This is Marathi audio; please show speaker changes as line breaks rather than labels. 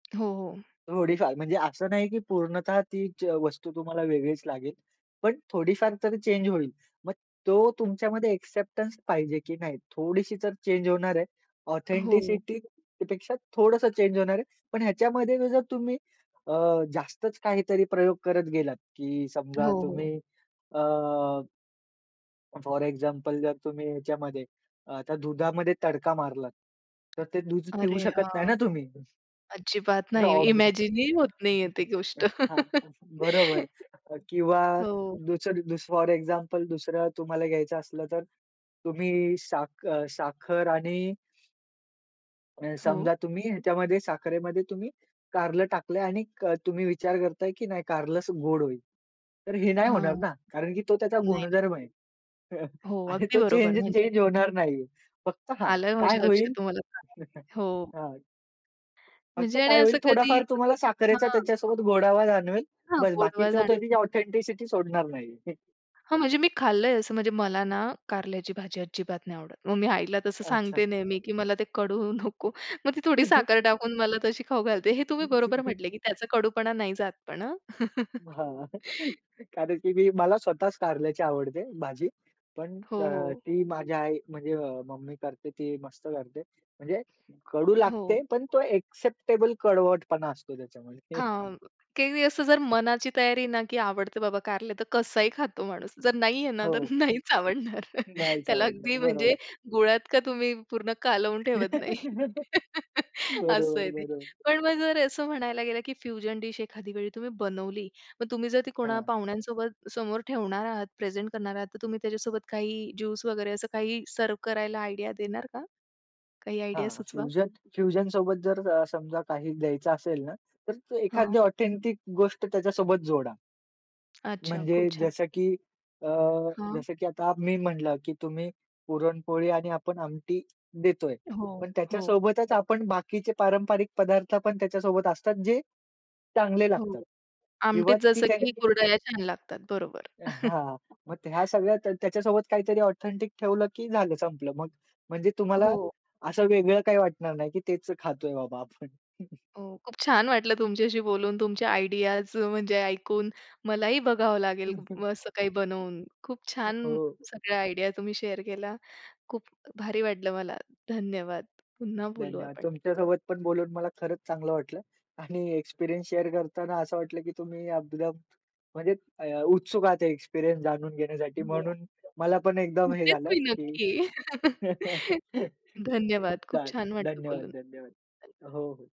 हो, हो.
थोडीफार, म्हणजे असं नाही की पूर्णतः ती जे वस्तू तुम्हाला वेगळीच लागेल. पण थोडीफार तरी चेंज होईल. मग तो तुमच्यामध्ये एक्सेप्टन्स पाहिजे की नाही, थोडीशी तर चेंज होणार आहे,
हो.
ऑथेंटिसिटी पेक्षा थोडंसं चेंज होणार आहे. पण ह्याच्यामध्ये जर तुम्ही अ, जास्तच काहीतरी प्रयोग करत गेलात, की
हो,
समजा तुम्ही
हो.
अ फोर एक्झाम्पल जर तुम्ही ह्याच्यामध्ये आता दुधामध्ये तडका मारलात, तर ते दूध पिऊ
अरे
शकत नाही
हां,
ना तुम्ही.
अजिबात नाही,
[unintelligible] हां,
इमॅजिन ही होत नाहीये ती गोष्ट.
हां, बरोबर किंवा
हो.
दुसर दुस फोर एक्झाम्पल दुसरं तुम्हाला घ्यायचं असलं, तर तुम्ही साख अ, साखर आणि अ,
हो.
समजा तुम्ही ह्याच्यामध्ये साखरेमध्ये तुम्ही कारलं टाकलंय आणि तुम्ही विचार करताय, की नाही कारलंच गोड होईल. तर हे नाही
हां,
होणार ना, कारण की तो त्याचा
नाही, नाही.
गुणधर्म आहे.
हो,
आणि
अगदी
तो
बरोबर, म्हणजे
चेंज-चेंज होणार नाहीये. फक्त हां,
आलंय
काय
माझ्या लक्षात,
होईल
तुम्हाला [unintelligible] हो.
हां, फक्त
म्हणजे आणि
काय होईल,
असं कधी
थोडा-फार तुम्हाला साखरेचा
हां.
त्याच्यासोबत गोडावा जाणवेल,
हां.
बस
गोडवा
बाकीचं
जाण
त्यानी ऑथेंटिसिटी सोडणार नाही.
हां, म्हणजे मी खाल्लंय, असं म्हणजे मला ना कारल्याची भाजी अजिबात नाही आवडत. मग मी आईला तसं
अच्छा!
सांगते नेहमी, की मला ते कडू नको. मग ती थोडी साखर टाकून मला तशी खाऊ घालते. हे तुम्ही बरोबर म्हटलं, की त्याचा कडूपणा नाही जात, पण हां.
हां, कारण की मी, मला स्वतःच कारल्याची आवडते भाजी, पण
हो,
अ,
हो.
ती माझ्या आई म्हणजे मम्मी करते, ती मस्त करते. म्हणजे कडू
हो.
लागते, पण तो एक्सेप्टेबल कडवटपणा असतो त्याच्यामध्ये.
हां, की मी असं जर मनाची तयारी ना की आवडते बाबा कारलं, तर कसाही खातो माणूस. जर नाहीये ना
हो,
तर नाहीच आवडणार.
नाहीच
त्याला
आवडणार,
अगदी म्हणजे
बरोबर.
गुळात का तुम्ही पूर्ण कालवून ठेवत नाही. असं
बरोबर,
आहे ते.
बरोबर.
पण मग जर असं म्हणायला गेलं, की फ्युजन डिश तुम्ही एखाद्या वेळी तुम्ही बनवली, मग तुम्ही जर ती कोणा
हां.
पाहुण्यांसोबत समोर ठेवणार आहात, प्रेझेंट करणार आहात, तर तुम्ही त्याच्यासोबत काही ज्यूस वगैरे असं काही सर्व्ह करायला आयडिया देणार का? काही आयडिया
हां,
सुचवा.
फ्युजन फ्युजन सोबत जर अ, समजा काही द्यायचं असेल ना, तर एखादी
हां.
ऑथेंटिक गोष्ट त्याच्यासोबत जोडा.
अच्छा,
म्हणजे
खूप छान.
जसं की अ,
हां.
जसं की आता मी म्हटलं, की "तुम्ही पुरणपोळी आणि आपण आमटी देतोय."
हो,
पण
हो.
त्याच्यासोबतच आपण बाकीचे पारंपरिक पदार्थ पण त्याच्यासोबत असतात, जे चांगले
हो,
लागतात किंवा
आमटीत
ती
जसं
त्या
की कुरडया छान लागतात, बरोबर.
हां, मग ह्या सगळ्या त्या त्याच्यासोबत काहीतरी ऑथेंटिक ठेवलं, की झालं संपलं. मग म्हणजे तुम्हाला
हो.
असं वेगळं काही वाटणार नाही, की तेच खातोय बाबा आपण.
हो, खूप छान वाटलं तुमच्याशी बोलून. तुमच्या आयडियाज म्हणजे ऐकून मलाही बघावं लागेल
हं, हं.
मग असं काही बनवून खूप छान,
हो.
सगळ्या आयडिया तुम्ही शेअर केल्या. खूप भारी वाटलं मला. धन्यवाद! पुन्हा बोलू
धन्यवाद!
आपण.
तुमच्या सोबत पण बोलून मला खरंच चांगलं वाटलं. आणि एक्सपिरियन्स शेअर करताना असं वाटलं, की तुम्ही एकदम म्हणजे अ, उत्सुक आहात एक्सपिरियन्स जाणून घेण्यासाठी,
हो,
म्हणून मला पण एकदम हे
होतेच
झालं,
मी
की
नक्की. धन्यवाद! खूप
चालेल.
छान वाटतं
धन्यवाद,
बोलून.
धन्यवाद! हो, हो.